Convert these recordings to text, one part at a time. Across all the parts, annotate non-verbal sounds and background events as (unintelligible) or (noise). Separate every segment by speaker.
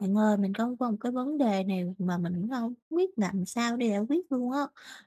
Speaker 1: Bạn ơi, mình có có một cái vấn đề này mà mình cũng hông biết làm sao để giải quyết luôn á.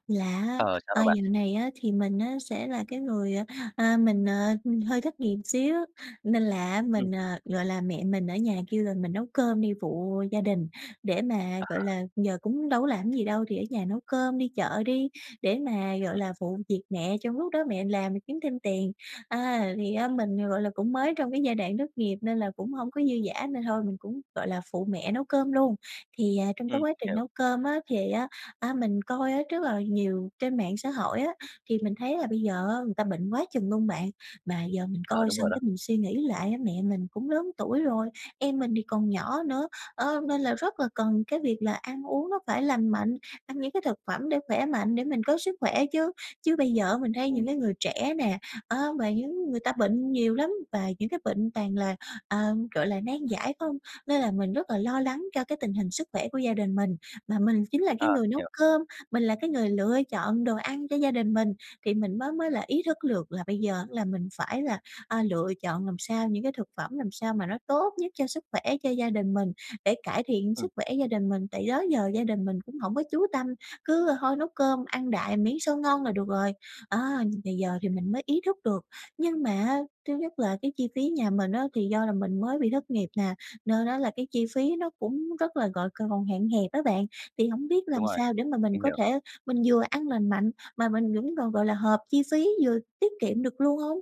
Speaker 1: Là,
Speaker 2: Ờ, sao vậy
Speaker 1: à,
Speaker 2: bạn?
Speaker 1: dạo này á thì mình á sẽ là cái người, à, à mình, ờ, hơi thất nghiệp xíu, nên là
Speaker 2: Ừm.
Speaker 1: mình à, gọi là, mẹ mình ở nhà kêu là mình nấu cơm đi phụ gia đình để mà,
Speaker 2: Ờ.
Speaker 1: gọi là giờ cũng đâu có làm gì đâu thì ở nhà nấu cơm, đi chợ đi để mà, gọi là, phụ việc mẹ, trong lúc đó mẹ làm rồi kiếm thêm tiền. À, thì á mình, gọi là, cũng mới trong cái giai đoạn thất nghiệp nên là cũng hông có dư dả nên thôi mình cũng, gọi là, phụ mẹ nấu cơm luôn. Thì, à, trong
Speaker 2: Ừm,
Speaker 1: cái quá trình
Speaker 2: hiểu.
Speaker 1: nấu cơm á, thì á, á, mình coi á rất là nhiều trên mạng xã hội á, thì mình thấy là bây giờ á, người ta bệnh quá chừng luôn bạn, mà giờ mình
Speaker 2: Ờ,
Speaker 1: coi
Speaker 2: đúng rồi
Speaker 1: xong
Speaker 2: đó.
Speaker 1: cái mình suy nghĩ lại á, mẹ mình cũng lớn tuổi rồi, em mình thì còn nhỏ nữa, ơ, nên là rất là cần cái việc là ăn uống nó phải lành mạnh, ăn những cái thực phẩm để khỏe mạnh, để mình có sức khỏe chứ. Chứ bây giờ á, mình thấy
Speaker 2: Ừm.
Speaker 1: những cái người trẻ nè, á, và những người ta bệnh nhiều lắm và những cái bệnh toàn là, ờ, gọi là, nan giải không, nên là mình rất là lo lắng cho cái tình hình sức khỏe của gia đình mình. Mà mình chính là
Speaker 2: Ờ,
Speaker 1: cái người nấu
Speaker 2: hiểu.
Speaker 1: cơm, mình là cái người lựa chọn đồ ăn cho gia đình mình, thì mình mới mới là ý thức được là bây giờ là mình phải là, à, lựa chọn làm sao, những cái thực phẩm làm sao mà nó tốt nhất cho sức khỏe cho gia đình mình, để cải thiện
Speaker 2: Ừm.
Speaker 1: sức khỏe gia đình mình, tại đó giờ gia đình mình cũng hổng có chú tâm, cứ thôi nấu cơm ăn đại, miễn sao ngon là được rồi. À, thì giờ thì mình mới ý thức được, nhưng mà thứ nhất là cái chi phí nhà mình á, thì do là mình mới bị thất nghiệp nè, nên á là cái chi phí nó cũng rất là gọi c còn hạn hẹp á bạn, thì hổng biết
Speaker 2: Đúng
Speaker 1: làm
Speaker 2: rồi.
Speaker 1: sao để mà mình
Speaker 2: Mình
Speaker 1: có
Speaker 2: hiểu.
Speaker 1: thể mình vừa ăn lành mạnh mà mình cũng còn, gọi là, hợp chi phí, vừa tiết kiệm được luôn hông?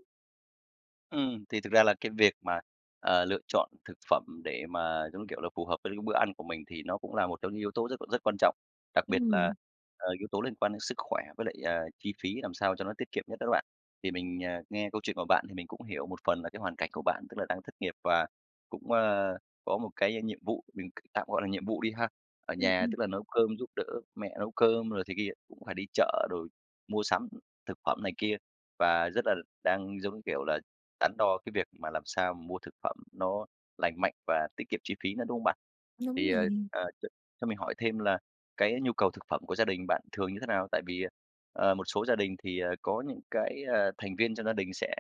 Speaker 2: Ừm, thì thực ra là cái việc mà, ờ, lựa chọn thực phẩm để mà, giống như kiểu là, phù hợp với (unintelligible) bữa ăn của mình thì nó cũng là một trong những yếu tố rất c rất quan trọng, đặc biệt là,
Speaker 1: Ừm.
Speaker 2: ờ, yếu tố liên quan đến sức khỏe với lại, ờ, chi phí làm sao cho nó tiết kiệm nhất đó bạn. Thì mình, ờ, nghe câu chuyện của bạn thì mình cũng hiểu một phần là cái hoàn cảnh của bạn, tức là đang thất nghiệp và cũng, ơ, có một cái nhiệm vụ, mình c tạm gọi là nhiệm vụ đi ha. Ở
Speaker 1: Ừm,
Speaker 2: nhà,
Speaker 1: ừm.
Speaker 2: tức là nấu cơm giúp đỡ mẹ nấu cơm rồi thế kia, cũng phải đi chợ rồi mua sắm thực phẩm này kia và rất là đang, giống như kiểu, là đắn đo cái việc mà làm sao mua thực phẩm nó lành mạnh và tiết kiệm chi phí nữa, đúng không bạn?
Speaker 1: Đúng
Speaker 2: Thì, ờ,
Speaker 1: vậy.
Speaker 2: ờ, ch cho mình hỏi thêm là cái nhu cầu thực phẩm của gia đình bạn thường như thế nào? Tại vì, ờ, một số gia đình thì, ờ, có những cái, ờ, thành viên trong gia đình sẽ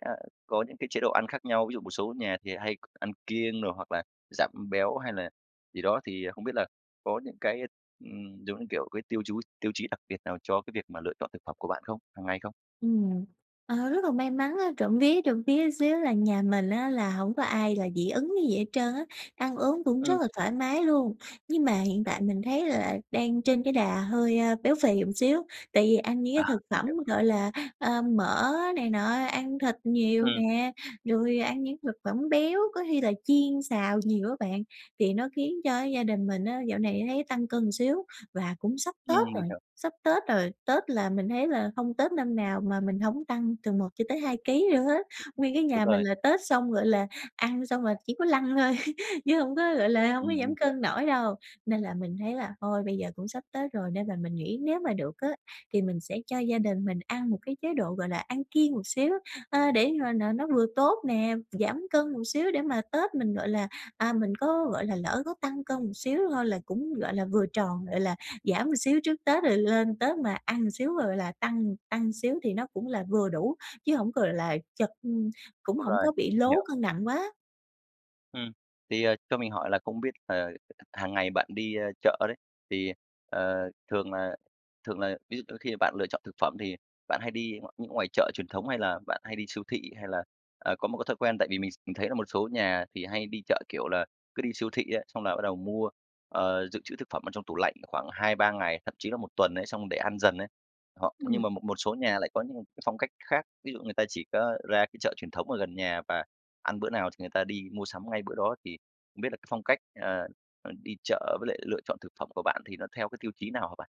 Speaker 2: có những cái chế độ ăn khác nhau. Ví dụ một số nhà thì hay k ăn kiêng đồ hoặc là giảm béo hay là gì đó, thì không biết là có những cái, ừm, giống như kiểu, cái tiêu chú tiêu chí đặc biệt nào cho cái việc mà lựa chọn thực phẩm của bạn không, hằng ngày không?
Speaker 1: Ừm. Ờ, rất là may mắn á, trộm vía, trộm vía xíu là nhà mình á là hổng có ai là dị ứng cái gì hết trơn á, ăn uống cũng
Speaker 2: Ừm.
Speaker 1: rất là thoải mái luôn. Nhưng mà hiện tại mình thấy là đang trên cái đà hơi, a, béo phì, ừm, xíu tại vì ăn những cái
Speaker 2: À,
Speaker 1: thực
Speaker 2: mình
Speaker 1: phẩm,
Speaker 2: hiểu.
Speaker 1: gọi là, ờ, mỡ này nọ, ăn thịt nhiều
Speaker 2: Ừm.
Speaker 1: nè, rồi ăn những thực phẩm béo, có khi là chiên xào nhiều á bạn thì nó khiến cho gia đình mình á dạo này thấy tăng cân xíu. Và cũng sắp
Speaker 2: Ừm,
Speaker 1: Tết
Speaker 2: mình
Speaker 1: rồi,
Speaker 2: hiểu.
Speaker 1: sắp Tết rồi, Tết là mình thấy là hông Tết năm nào mà mình hổng tăng từ 1 cho tới 2 ký lận hết.
Speaker 2: Ừm.
Speaker 1: Nguyên cái
Speaker 2: Đúng
Speaker 1: nhà mình
Speaker 2: rồi.
Speaker 1: là Tết xong, gọi là, ăn xong là chỉ có lăn thôi chứ hông có, gọi là, hông
Speaker 2: Ừm,
Speaker 1: có
Speaker 2: mình
Speaker 1: giảm
Speaker 2: hiểu.
Speaker 1: cân nổi đâu. Nên là mình thấy là thôi bây giờ cũng sắp Tết rồi, nên là mình nghĩ nếu mà được á thì mình sẽ cho gia đình mình ăn một cái chế độ, gọi là, ăn kiêng một xíu, ơ, để mà nà nó vừa tốt nè, giảm cân một xíu để mà Tết mình, gọi là, à, mình có, gọi là, lỡ có tăng cân một xíu thôi là cũng, gọi là, vừa tròn, gọi là, giảm một xíu trước Tết, rồi lên Tết mà ăn xíu, gọi là, tăng tăng xíu thì nó cũng là vừa đủ, chứ hổng, gọi là, chật ừ, cũng
Speaker 2: Đúng
Speaker 1: hổng
Speaker 2: rồi,
Speaker 1: có bị
Speaker 2: mình
Speaker 1: lố
Speaker 2: hiểu.
Speaker 1: cân nặng quá.
Speaker 2: Ừm. Thì, ờ, cho mình hỏi là không biết là h hàng ngày bạn đi, a, chợ đấy, thì, ờ, thường là thường là ví dụ khi bạn lựa chọn thực phẩm thì bạn hay đi ng những ngoài chợ truyền thống hay là bạn hay đi siêu thị? Hay là, à, có một cái thói quen tại vì mình s mình thấy là một số nhà thì hay đi chợ, kiểu là, cứ đi siêu thị ấy, xong là bắt đầu mua, ờ, dự trữ thực phẩm ở trong tủ lạnh khoảng 2-3 ngày, thậm chí là 1 tuần ấy xong để ăn dần ấy. Họ nhưng
Speaker 1: Ừm.
Speaker 2: mà một một số nhà lại có những cái phong cách khác, ví dụ người ta chỉ có ra cái chợ truyền thống ở gần nhà và ăn bữa nào thì người ta đi mua sắm ngay bữa đó. Thì không biết là cái phong cách, ờ, ờ, đi chợ với lại lựa chọn thực phẩm của bạn thì nó theo cái tiêu chí nào hả bạn?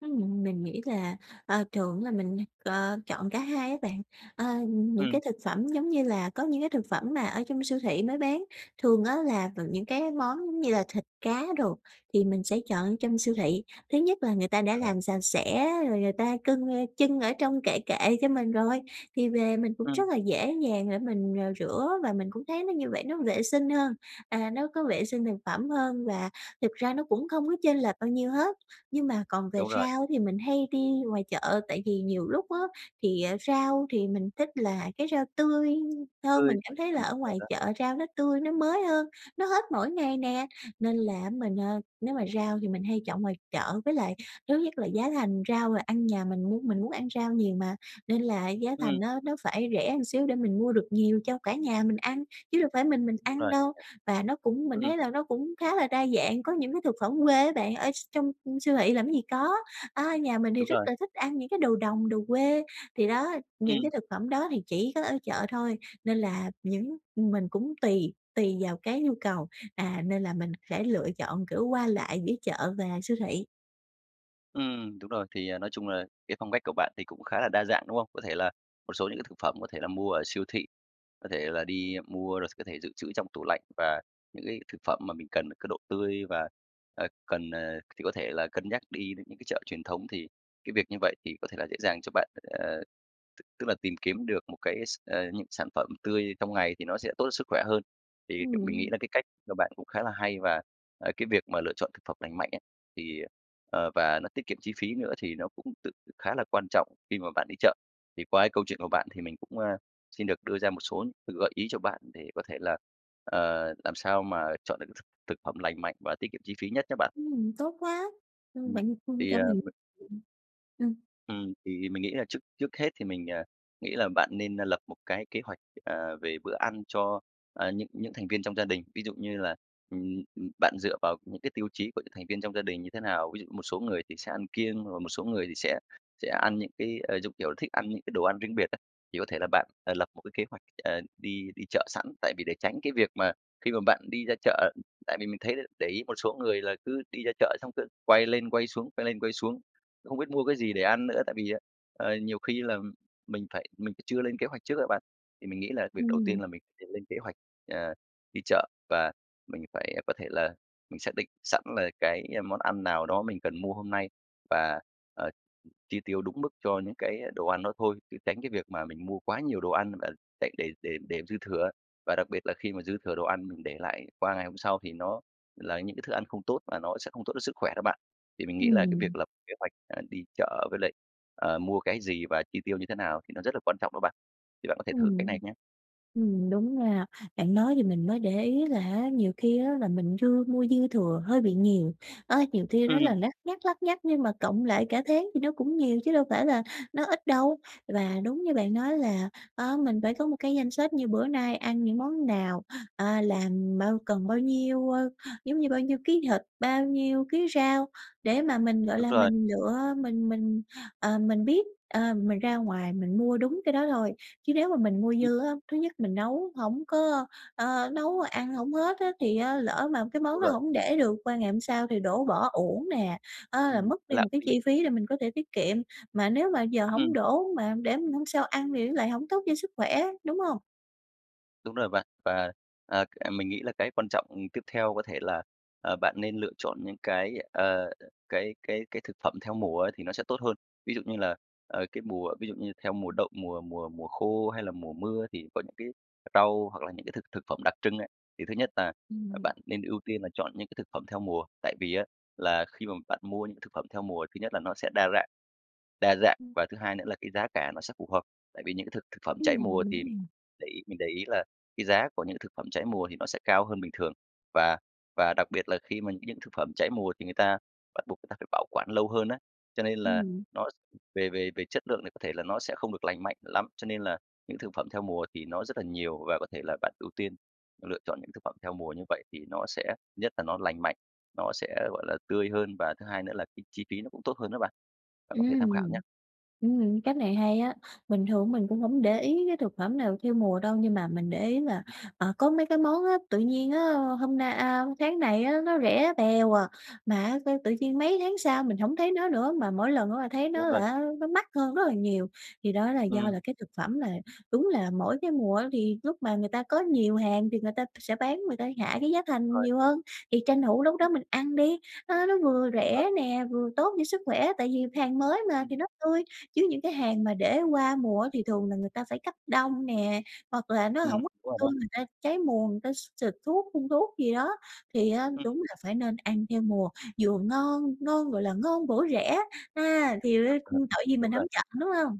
Speaker 1: Ừm, mình nghĩ là, ờ, thường á là mình, ờ, chọn cả hai á bạn. Ờ, những
Speaker 2: Ừm.
Speaker 1: cái thực phẩm giống như là có những cái thực phẩm mà ở trong siêu thị mới bán, thường á là v những cái món giống như là thịt cá đồ thì mình sẽ chọn trong siêu thị. Thứ nhất là người ta đã
Speaker 2: À.
Speaker 1: làm sạch sẽ rồi người ta cưng trưng ở trong kệ kệ cho mình rồi, thì về mình cũng
Speaker 2: Ừm.
Speaker 1: rất là dễ dàng để mình, ờ, rửa, và mình cũng thấy nó như vậy nó vệ sinh hơn, à, nó có vệ sinh thực phẩm hơn và thực ra nó cũng không có chênh lệch bao nhiêu hết. Nhưng mà còn về
Speaker 2: Đúng rồi.
Speaker 1: rau thì mình hay đi ngoài chợ, tại vì nhiều lúc á thì, ờ, rau thì mình thích là cái rau tươi hơn,
Speaker 2: Tươi.
Speaker 1: mình cảm thấy là
Speaker 2: Ừm,
Speaker 1: ở
Speaker 2: đúng rồi
Speaker 1: ngoài
Speaker 2: đó.
Speaker 1: chợ rau nó tươi, nó mới hơn, nó hết mỗi ngày nè, nên là á mình, ờ nếu mà rau thì mình hay chọn ngoài chợ. Với lại thứ nhất là giá thành rau rồi ăn nhà mình muốn mình muốn ăn rau nhiều mà, nên là giá
Speaker 2: Ừm.
Speaker 1: thành nó nó phải rẻ một xíu để mình mua được nhiều cho cả nhà mình ăn, chứ đâu phải mình mình
Speaker 2: Đúng
Speaker 1: ăn
Speaker 2: rồi.
Speaker 1: đâu. Và nó cũng mình
Speaker 2: Ừm.
Speaker 1: thấy là nó cũng khá là đa dạng, có những cái thực phẩm quê á bạn, ở s trong siêu thị làm cái gì có. À, nhà mình thì
Speaker 2: Đúng
Speaker 1: rất
Speaker 2: rồi.
Speaker 1: là thích ăn những cái đồ đồng, đồ quê. Thì đó, những
Speaker 2: Ừm.
Speaker 1: cái thực phẩm đó thì chỉ có ở chợ thôi, nên là những mình cũng tùy tùy vào cái nhu cầu, à, nên là mình sẽ lựa chọn, kiểu, qua lại giữa chợ và siêu thị.
Speaker 2: Ừm, đúng rồi. Thì, à, nói chung là cái phong cách của bạn thì cũng khá là đa dạng, đúng không? Có thể là một số những cái thực phẩm có thể là mua ở siêu thị, có thể là đi mua rồi có thể dự trữ trong tủ lạnh. Và những cái thực phẩm mà mình cần cái độ tươi và, à, cần, à, thì có thể là cân nhắc đi đến những cái chợ truyền thống, thì cái việc như vậy thì có thể là dễ dàng cho bạn, ờ, tức tức là tìm kiếm được một cái s ơ, những sản phẩm tươi trong ngày thì nó sẽ tốt cho sức khỏe hơn. Thì mình nghĩ
Speaker 1: Ừm.
Speaker 2: là cái cách của bạn cũng khá là hay và, ờ, cái việc mà lựa chọn thực phẩm lành mạnh ấy, thì, ờ, ờ, và nó tiết kiệm chi phí nữa thì nó cũng tự khá là quan trọng khi mà bạn đi chợ. Thì qua cái câu chuyện của bạn thì mình cũng, a, xin được đưa ra một số những gợi ý cho bạn, để có thể là, ờ, làm sao mà chọn được thực thực phẩm lành mạnh và tiết kiệm chi phí nhất nhá bạn.
Speaker 1: Ừm, tốt quá. Ừm,
Speaker 2: Ừm,
Speaker 1: bạn, ừm,
Speaker 2: thì,
Speaker 1: cho
Speaker 2: à,
Speaker 1: mình
Speaker 2: m
Speaker 1: ừm.
Speaker 2: Ừm, thì mình nghĩ là trước trước hết thì mình, à, nghĩ là bạn nên, a, lập một cái kế hoạch, ờ, về bữa ăn cho, à, những những thành viên trong gia đình. Ví dụ như là, ừm, ừm, bạn dựa vào những cái tiêu chí của những thành viên trong gia đình như thế nào? Ví dụ một số người thì sẽ ăn kiêng, rồi một số người thì sẽ sẽ ăn những cái, ờ, giống kiểu là, thích ăn những cái đồ ăn riêng biệt á, thì có thể là bạn, ờ, lập một cái kế hoạch, ờ, đi đi chợ sẵn. Tại vì để tránh cái việc mà khi mà bạn đi ra chợ tại vì mình thấy để ý một số người là cứ đi ra chợ xong cứ quay lên quay xuống, quay lên quay xuống, không biết mua cái gì để ăn nữa. Tại vì á, ờ, nhiều khi là mình phải mình chưa lên kế hoạch trước á bạn. Thì mình nghĩ là việc đầu tiên
Speaker 1: Ừm.
Speaker 2: là mình phải lên kế hoạch, ờ, đi chợ. Và mình phải, có thể là, mình xác định sẵn là cái món ăn nào đó mình cần mua hôm nay và, ờ, chi tiêu đúng mức cho những cái đồ ăn đó thôi, chứ tránh cái việc mà mình mua quá nhiều đồ ăn và để để để dư thừa á. Và đặc biệt là khi mà dư thừa đồ ăn, mình để lại qua ngày hôm sau thì nó là những cái thức ăn không tốt và nó sẽ không tốt cho sức khỏe đó bạn. Thì mình nghĩ là cái việc
Speaker 1: Ừm.
Speaker 2: lập kế hoạch, à, đi chợ với lại, ờ, mua cái gì và chi tiêu như thế nào thì nó rất là quan trọng đó bạn. Thì bạn có thể thử cách
Speaker 1: Ừm,
Speaker 2: này nhá.
Speaker 1: ừm, đúng nha, bạn nói thì mình mới để ý là á, nhiều khi á là mình dư mua dư thừa hơi bị nhiều. Ơ, nhiều khi nói là
Speaker 2: Ừm.
Speaker 1: lắt nhắt, lắt nhắt nhưng mà cộng lại cả tháng thì nó cũng nhiều chứ đâu phải là nó ít đâu. Và đúng như bạn nói là, ơ, mình phải có một cái danh sách như bữa nay ăn những món nào, à, làm bao cần bao nhiêu, ơ, giống như, bao nhiêu ký thịt, bao nhiêu ký rau, để mà mình, gọi
Speaker 2: Đúng
Speaker 1: là,
Speaker 2: rồi.
Speaker 1: mình lựa, mình mình, ờ, mình biết, ờ, mình ra ngoài mình mua đúng cái đó thôi. Chứ nếu mà mình mua
Speaker 2: Ừm.
Speaker 1: dư á, thứ nhất mình nấu hổng có ơ, nấu ăn hổng hết á, thì á lỡ mà cái món
Speaker 2: Đúng
Speaker 1: đó
Speaker 2: rồi.
Speaker 1: hổng để được qua ngày hôm sau, thì đổ bỏ uổng nè á, là
Speaker 2: Ừm,
Speaker 1: mất đi
Speaker 2: lãng
Speaker 1: một cái
Speaker 2: phí.
Speaker 1: chi phí để mình có thể tiết kiệm. Mà nếu mà giờ hổng
Speaker 2: Ừm.
Speaker 1: đổ mà để mà hôm sau ăn thì nó lại hổng tốt cho sức khỏe, đúng hông?
Speaker 2: Đúng rồi bạn. Và, à, c mình nghĩ là cái quan trọng, ừm, tiếp theo có thể là, ờ, bạn nên lựa chọn những cái, ờ, cái cái cái thực phẩm theo mùa á thì nó sẽ tốt hơn. Ví dụ như là, ờ, cái mùa ví dụ như theo mùa đậu, mùa mùa mùa khô hay là mùa mưa thì có những cái rau hoặc là những cái thực thực phẩm đặc trưng ấy. Thì thứ nhất là
Speaker 1: Ừm.
Speaker 2: bạn nên ưu tiên là chọn những cái thực phẩm theo mùa, tại vì á là khi mà bạn mua những thực phẩm theo mùa thứ nhất là nó sẽ đa rạn đa dạng
Speaker 1: Ừm.
Speaker 2: và thứ hai nữa là cái giá cả nó sẽ phù hợp. Tại vì những cái thực thực phẩm trái
Speaker 1: Ừm,
Speaker 2: mùa
Speaker 1: đúng
Speaker 2: thì
Speaker 1: rồi.
Speaker 2: để ý mình để ý là cái giá của những thực phẩm trái mùa thì nó sẽ cao hơn bình thường, và và đặc biệt là khi mà những cái thực phẩm trái mùa thì người ta bắt buộc người ta phải bảo quản lâu hơn á, cho nên là
Speaker 1: Ừm.
Speaker 2: nó về về về chất lượng thì có thể là nó sẽ không được lành mạnh lắm. Cho nên là những thực phẩm theo mùa thì nó rất là nhiều và có thể là bạn ưu tiên lựa chọn những thực phẩm theo mùa như vậy thì nó sẽ nhất là nó lành mạnh, nó sẽ, gọi là, tươi hơn và thứ hai nữa là cái chi phí nó cũng tốt hơn đó bạn. Bạn có
Speaker 1: Ứm,
Speaker 2: thể tham khảo nha.
Speaker 1: ừm. Ừm, cách này hay á. Bình thường mình cũng hổng để ý cái thực phẩm nào theo mùa đâu. Nhưng mà mình để ý là, à, có mấy cái món á, tự nhiên á hôm nay a, tháng này á nó rẻ bèo à, mà á sao tự nhiên mấy tháng sau mình hổng thấy nó nữa, mà mỗi lần á là thấy
Speaker 2: Đúng
Speaker 1: nó
Speaker 2: rồi.
Speaker 1: là á nó mắc hơn rất là nhiều, thì đó là do
Speaker 2: Ừm.
Speaker 1: là cái thực phẩm là đúng là mỗi cái mùa thì lúc mà người ta có nhiều hàng thì người ta sẽ bán, người ta hạ cái giá thành
Speaker 2: Rồi.
Speaker 1: nhiều hơn, thì tranh thủ lúc đó mình ăn đi. Nó nó vừa
Speaker 2: Đúng rồi.
Speaker 1: rẻ nè, vừa tốt cho sức khỏe tại vì hàng mới mà
Speaker 2: Ừm.
Speaker 1: thì nó tươi. Chứ những cái hàng mà để qua mùa á thì thường là người ta phải cấp đông nè, hoặc là nó
Speaker 2: Ừm,
Speaker 1: hổng có
Speaker 2: đúng rồi
Speaker 1: tươi,
Speaker 2: đó.
Speaker 1: người ta trái mùa, người ta x xịt thuốc, phun thuốc gì đó thì á
Speaker 2: Ừm.
Speaker 1: đúng là phải nên ăn theo mùa, vừa ngon ngon, gọi là, ngon bổ rẻ, ha! Thì r
Speaker 2: (laughs)
Speaker 1: tội gì
Speaker 2: Đúng
Speaker 1: mình
Speaker 2: rồi.
Speaker 1: hổng chọn, đúng hông?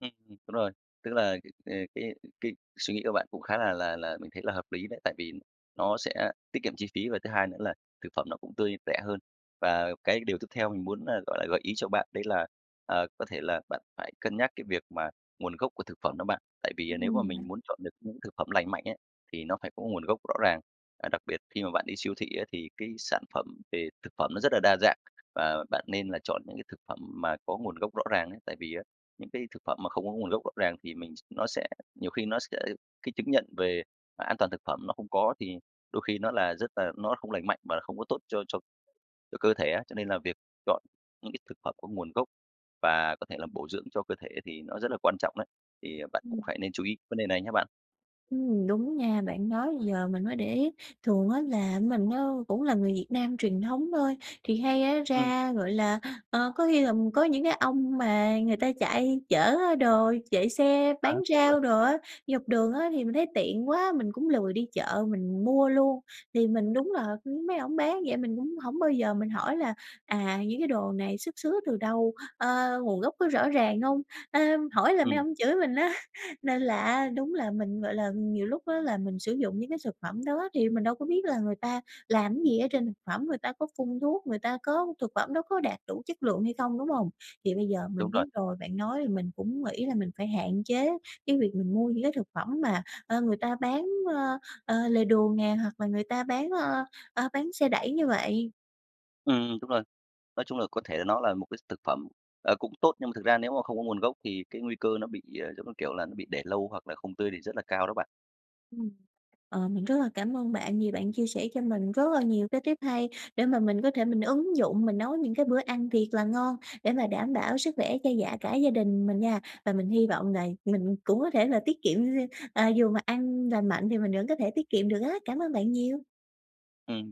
Speaker 2: Ừm, đúng rồi. Tức là, ừ, cái cái suy nghĩ của bạn cũng khá là là là mình thấy là hợp lý đấy, tại vì nó sẽ tiết kiệm chi phí, và thứ hai nữa là thực phẩm nó cũng tươi, rẻ hơn. Và cái điều tiếp theo mình muốn, à, gọi là, gợi ý cho bạn đấy là, ờ, có thể là bạn phải cân nhắc cái việc mà nguồn gốc của thực phẩm đó bạn, tại vì, à, nếu mà
Speaker 1: Ừm.
Speaker 2: mình muốn chọn được những thực phẩm lành mạnh ấy, thì nó phải có nguồn gốc rõ ràng. Và đặc biệt khi mà bạn đi siêu thị á thì cái sản phẩm về thực phẩm nó rất là đa dạng, và bạn nên là chọn những cái thực phẩm mà có nguồn gốc rõ ràng ấy, tại vì á, những cái thực phẩm mà không có nguồn gốc rõ ràng thì mình nó sẽ nhiều khi nó sẽ cái chứng nhận về an toàn thực phẩm nó không có thì đôi khi nó là rất là nó không lành mạnh và không có tốt cho cho cho cơ thể á. Cho nên là việc chọn những cái thực phẩm có nguồn gốc và có thể là bổ dưỡng cho cơ thể thì nó rất là quan trọng đấy thì, ờ, bạn cũng
Speaker 1: Ừm.
Speaker 2: phải nên chú ý vấn đề này nha bạn.
Speaker 1: Ừm, đúng nha, bạn nói giờ mình mới để ý. Thường á là mình á cũng là người Việt Nam truyền thống thôi, thì hay á
Speaker 2: Ừm.
Speaker 1: ra, gọi là ờ, có khi là, ờ, có những cái ông mà người ta chạy chở á đồ chạy xe
Speaker 2: À,
Speaker 1: bán
Speaker 2: đúng rồi.
Speaker 1: rau đồ á, dọc đường á, thì mình thấy tiện quá, mình cũng lười đi chợ mình mua luôn. Thì mình đúng là, ưm, mấy ổng bán vậy mình cũng hổng bao giờ mình hỏi là "À, những cái đồ này xuất xứ từ đâu? Ờ, nguồn gốc có rõ ràng hông?" Ờ, hỏi là mấy
Speaker 2: Ừm.
Speaker 1: ổng chửi mình á. Nên là á đúng là mình, gọi là, nhiều lúc á là mình sử dụng những cái thực phẩm đó thì mình đâu có biết là người ta làm cái gì ở trên thực phẩm, người ta có phun thuốc, người ta có thực phẩm đó có đạt đủ chất lượng hay không, đúng hông? Thì bây giờ
Speaker 2: Đúng
Speaker 1: mình
Speaker 2: rồi.
Speaker 1: biết rồi, bạn nói thì mình cũng nghĩ là mình phải hạn chế cái việc mình mua những cái thực phẩm mà, ờ, người ta bán, ờ, ờ, lề đường nè, hoặc là người ta bán, ờ, ơ, bán xe đẩy như vậy.
Speaker 2: Ừm, đúng rồi. Nói chung là có thể nó là một cái thực phẩm, ờ, cũng tốt, nhưng mà thực ra nếu mà không có nguồn gốc thì cái nguy cơ nó bị, ờ, giống như kiểu là, nó bị để lâu hoặc là không tươi thì rất là cao đó bạn.
Speaker 1: Ừm. Ờ, mình rất là cảm ơn bạn vì bạn chia sẻ cho mình rất là nhiều cái tip hay để mà mình có thể mình ứng dụng mình nấu những cái bữa ăn thiệt là ngon, để mà đảm bảo sức khỏe cho dạ cả gia đình mình nha. Và mình hy vọng là mình cũng có thể là tiết kiệm, à, dù mà ăn lành mạnh thì mình vẫn có thể tiết kiệm được á. Cảm ơn bạn nhiều!
Speaker 2: Ừm.